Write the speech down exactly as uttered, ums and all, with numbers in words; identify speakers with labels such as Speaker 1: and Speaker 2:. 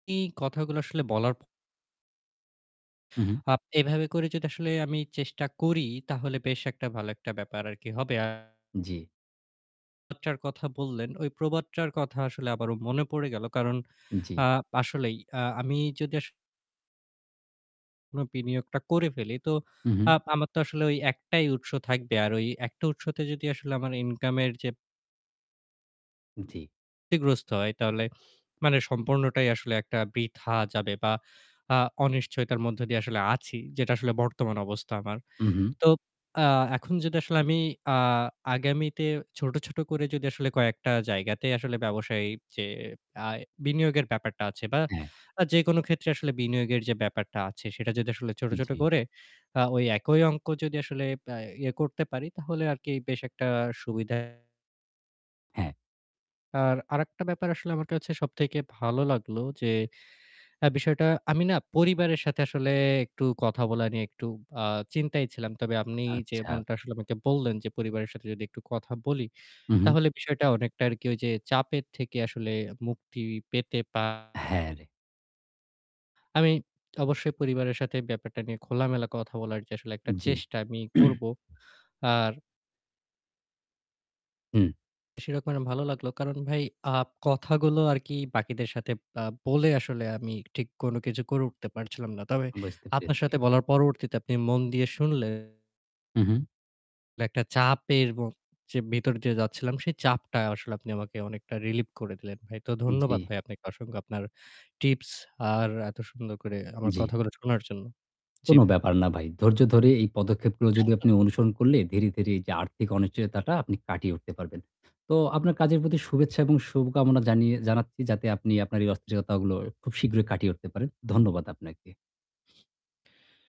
Speaker 1: এই কথাগুলা আসলে বলার
Speaker 2: উহুম।
Speaker 1: আপ এভাবে করে যদি আসলে আমি চেষ্টা করি তাহলে বেশ একটা ভালো একটা ব্যাপার আরকি হবে। আ
Speaker 2: জি।
Speaker 1: টার কথা বললেন, ওই প্রবাদটার কথা আসলে আবারও মনে পড়ে গেল। কারণ
Speaker 2: জি।
Speaker 1: আ আসলেই আ আমি যদি আস কোনো বিনিয়োগটা করে ফেলি, তো
Speaker 2: উহুম।
Speaker 1: আপ আমার তো আসলে ওই এক টাই উৎস থাকবে। আর ওই একটা উৎসতে যদি আসলে আমার income-এর যে
Speaker 2: জি।
Speaker 1: ইগ্রস্ত হয় তাহলে মানে সম্পূর্ণটাই আসলে একটা বৃথা যাবে বা আ অনিশ্চয়তার মধ্য দিয়ে আসলে আছি যেটা আসলে বর্তমান অবস্থা আমার।
Speaker 2: উহুম।
Speaker 1: তো আ এখন যদি আসলে আমি আ আগামীতে ছোট, ছোট করে যদি আসলে কয়েকটা জায়গাতে আসলে ব্যবসায় যে আ বিনিয়োগের ব্যাপারটা আছে বা
Speaker 2: অ্যা
Speaker 1: আ যেকোনো ক্ষেত্রে আসলে বিনিয়োগের যে ব্যাপারটা আছে সেটা যদি আসলে ছোট, ছোট
Speaker 2: জি।
Speaker 1: করে, আ ওই একই অংক যদি আসলে বা ইয়ে করতে পারি তাহলে আরকি বেশ একটা সুবিধায়
Speaker 2: হ্যাঁ।
Speaker 1: আর আরেকটা ব্যাপার আসলে আমার কাছে সবথেকে ভালো লাগলো যে আ বিষয়টা আমি না পরিবারের সাথে আসলে একটু কথা বলা নিয়ে একটু আ চিন্তায় ছিলাম। তবে আপনি
Speaker 2: আচ্ছা।
Speaker 1: যেমনটা আসলে আমাকে বললেন, যে পরিবারের সাথে যদি একটু কথা বলি
Speaker 2: উহুম।
Speaker 1: তাহলে বিষয়টা অনেকটা আরকি ওইযে চাপের থেকে আসলে মুক্তি পেতে পা
Speaker 2: হ্যাঁ রে
Speaker 1: আমি অবশ্যই পরিবারের সাথে ব্যাপারটা নিয়ে খোলামেলা কথা বলার যে আসলে একটা
Speaker 2: জি।
Speaker 1: চেষ্টা আমি করব। আর
Speaker 2: হুম।
Speaker 1: সেই রকমের ভালো লাগলো। কারণ ভাই আ কথাগুলো আরকি বাকিদের সাথে আ বলে আসলে আমি ঠিক কোনো কিছু করে উঠতে পারছিলাম না। তবে
Speaker 2: বুঝতে
Speaker 1: আপনার
Speaker 2: পেরেছি।
Speaker 1: সাথে বলার পরবর্তীতে আপনি মন দিয়ে শুনলে
Speaker 2: উহুম।
Speaker 1: একটা চাপের ম যে ভিতরে দিয়ে যাচ্ছিলাম সেই চাপটা আসলে আপনি আমাকে অনেকটা relief করে দিলেন ভাই। তো ধন্যবাদ
Speaker 2: জি।
Speaker 1: ভাই আপনাকে অসংখ্য আপনার tips আর এত সুন্দর করে আমার
Speaker 2: জি।
Speaker 1: কথাগুলো শোনার জন্য। জি
Speaker 2: কোনো
Speaker 1: ভা
Speaker 2: ব্যাপার না, ভাই। ধৈর্য ধরে এই পদক্ষেপগুলো যদি আপনি অনুসরণ করলে ধীরে, ধীরে এইযে আর্থিক অনিশ্চয়তাটা আপনি কাটিয়ে উঠতে পারবেন। তো আপনার কাজের প্রতি শুভেচ্ছা এবং শুভকামনা জানিয়ে জানাচ্ছি যাতে আপনি আপনার এই অস্থিরতাগুলো খুব শীঘ্রই কাটিয়ে উঠতে পারেন। ধন্যবাদ আপনাকে।